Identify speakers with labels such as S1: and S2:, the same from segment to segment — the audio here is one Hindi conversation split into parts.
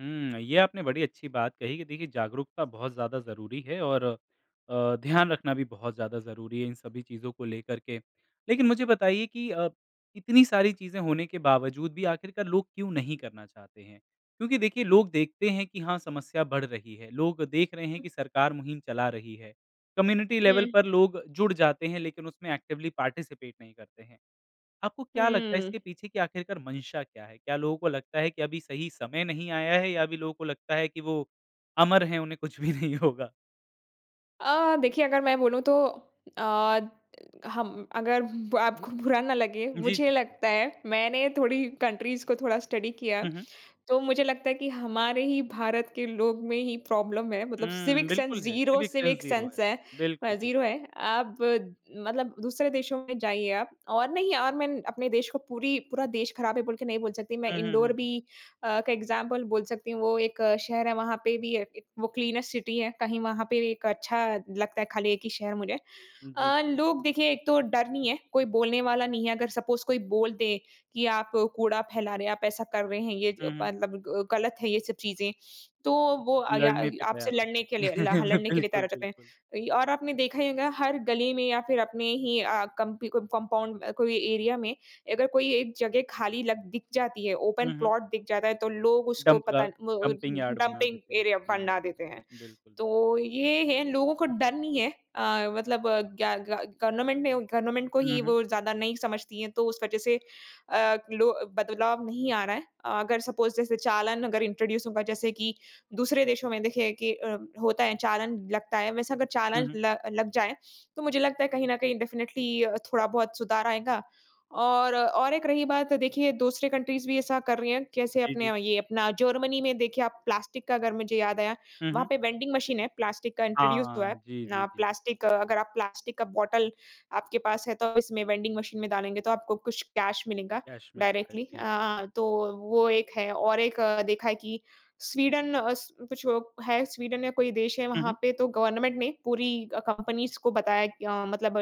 S1: हुँ, ये आपने बड़ी अच्छी बात कही कि देखिए जागरूकता बहुत ज़्यादा ज़रूरी है और अ, ध्यान रखना भी बहुत ज़्यादा ज़रूरी है इन सभी चीज़ों को लेकर के। लेकिन मुझे बताइए कि अ, इतनी सारी चीज़ें होने के बावजूद भी आखिरकार लोग क्यों नहीं करना चाहते हैं? क्योंकि देखिए लोग देखते हैं कि हाँ समस्या बढ़ रही है, लोग देख रहे हैं कि सरकार मुहिम चला रही है। कम्युनिटी लेवल
S2: हुँ।
S1: पर लोग जुड़ जाते हैं लेकिन उसमें एक्टिवली पार्टिसिपेट नहीं करते हैं। आपको क्या लगता है
S2: हुँ।
S1: इसके पीछे की आखिरकार मंशा क्या है? क्या लोगों को लगता है कि अभी सही समय नहीं आया है या अभी लोगों को लगता है कि वो अमर हैं उन्हें कुछ भी नहीं होगा?
S2: अ, देखिए अगर मैं बोलू तो अ, हम अगर ब आपको बुरा ना लगे,
S1: जी,
S2: मुझे
S1: जी।
S2: लगता है मैंने थोड़ी कंट्रीज़ को थोड़ा स्टडी किया है।
S1: हुँ, हुँ।
S2: तो मुझे लगता है कि हमारे ही भारत के लोग में ही प्रॉब्लम है, मतलब
S1: हुँ,
S2: सिविक सेंस
S1: बिल्कुल है।
S2: Zero
S1: civic sense
S2: civic
S1: zero
S2: sense
S1: है।
S2: है अ,
S1: बिल्कुल, बिल्कुल।
S2: जीरो है। अब मतलब दूसरे देशों में जाइए आप और नहीं और मैं अपने देश को पूरी पूरा देश खराब है बोल के नहीं बोल सकती, मैं
S1: हुँ, हुँ, हुँ,
S2: इन्दौर
S1: हुँ।
S2: भी अ, एक एक्ज़ाम्पल बोल सकती हूँ। वो एक शहर है, वहाँ पे भी अ, एक वो क्लीनेस्ट सिटी है, कहीं वहाँ पे एक अच्छा लगता है खाली एक ही शहर मुझे।
S1: उम, जी।
S2: अ, लोग देखिए एक तो डर नहीं है, कोई बोलने वाला नहीं है। अगर सपोज़ कोई बोल दे कि आप कूड़ा फैला रहे हैं, आप ऐसा कर रहे हैं ये ज
S1: हुँ, हुँ।
S2: मतलब गलत है ये सब चीज़ें तो वो आगया
S1: लड़ने पे
S2: आपसे
S1: तैयार हो
S2: लड़ने के
S1: जाते हैं।
S2: लिए हाँ ल लड़ने के लिए तैयार
S1: बिल्कुल,
S2: हो जाते
S1: बिल्कुल।
S2: हैं। और आपने देखा ही होगा हर गली में या फिर अपने ही अ, कंप कंपाउंड कोई एरिया में अगर कोई एक जगह खाली लग दिख जाती है, ओपन
S1: हुँ, हुँ।
S2: प्लॉट दिख जाता है, तो लोग उसको
S1: डंप का
S2: पता ब
S1: डंपिंग यार्ड बना
S2: डंपिंग
S1: देते हैं।
S2: एरिया बना देते हैं।
S1: हुँ, बिल्कुल।
S2: तो ये है लोगों को डर नहीं है अ, मतलब अ, क्या ग गा गवर्नमेंट ने गवर्नमेंट को
S1: हुँ,
S2: ही
S1: हुँ।
S2: वो ज़्यादा नहीं समझती हैं तो उस वज़ह से अ, लो बदलाव नहीं आ रहा है। अगर सपोज़ जैसे चालान अगर इंट्रोड्यूस होगा जैसे कि दूसरे देशों में देखिए कि अ, होता है चालान लगता है वैसे अगर
S1: हुँ,
S2: चालान
S1: हुँ।
S2: ल लग जाए तो मुझे लगता है कहीं न कहीं डेफिनेटली थोड़ा बहुत सुधार आएगा और और एक रही बात देखिए दूसरे कंट्रीज़ भी ऐसा कर रही है। कैसे
S1: जी,
S2: अपने
S1: जी।
S2: ये अपना जर्मनी में देखिए आप प्लास्टिक का अगर मुझे याद आया
S1: हुँ,
S2: वहाँ
S1: हुँ।
S2: पे वेंडिंग मशीन है, प्लास्टिक का इंट्रोड्यूस हुआ
S1: हाँ।
S2: है।
S1: जी, जी, जी।
S2: प्लास्टिक अगर आप प्लास्टिक का बॉटल आपके पास है तो इसमें वेंडिंग मशीन में डालेंगे तो आपको कुछ कैश मिलेगा
S1: कैश मिलता है।
S2: Directly
S1: G.
S2: अ, तो वो एक है और एक देखा है कि स्वीडन अ, स कुछ है स्वीडन या कोई देश है
S1: हुँ,
S2: वहाँ
S1: हुँ।
S2: पे तो गवर्नमेंट ने पूरी अ, कंपनीज़ को बताया अ, मतलब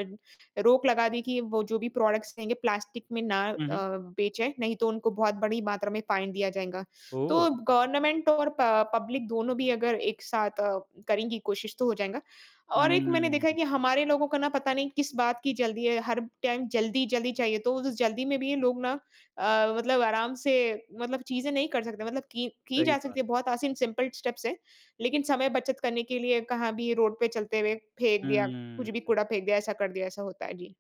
S2: रोक लगा दी कि वो जो भी प्रोडक्ट्स रहेंगे प्लास्टिक में ना अ,
S1: हुँ, हुँ।
S2: बेचे नहीं तो उनको बहुत बड़ी मात्रा में फाइन दिया जाएगा।
S1: ओह!
S2: तो गवर्नमेंट और प पब्लिक दोनों भी अगर एक साथ अ, करेंगी कोशिश तो हो जाएगा और एक मैंने देखा है
S1: हुँ।
S2: कि हमारे लोगों को न पता नहीं किस बात की जल्दी है हर टाइम जल्दी-जल्दी चाहिए तो वो जो जल्दी में है भी लोग ना अ, मतलब आराम से मतलब चीज़े नहीं कर सकते। मतलब की की
S1: सही
S2: जा
S1: बात है।
S2: सकती है बहुत आसान सिंपल स्टेप्स हैं। लेकिन समय बचत करने के लिए कहाँ भी रोड पे चलते हुए फेंक दिया कुछ भी
S1: हुँ।
S2: कूड़ा फेंक दिया, ऐसा कर दिया, ऐसा होता है। जी।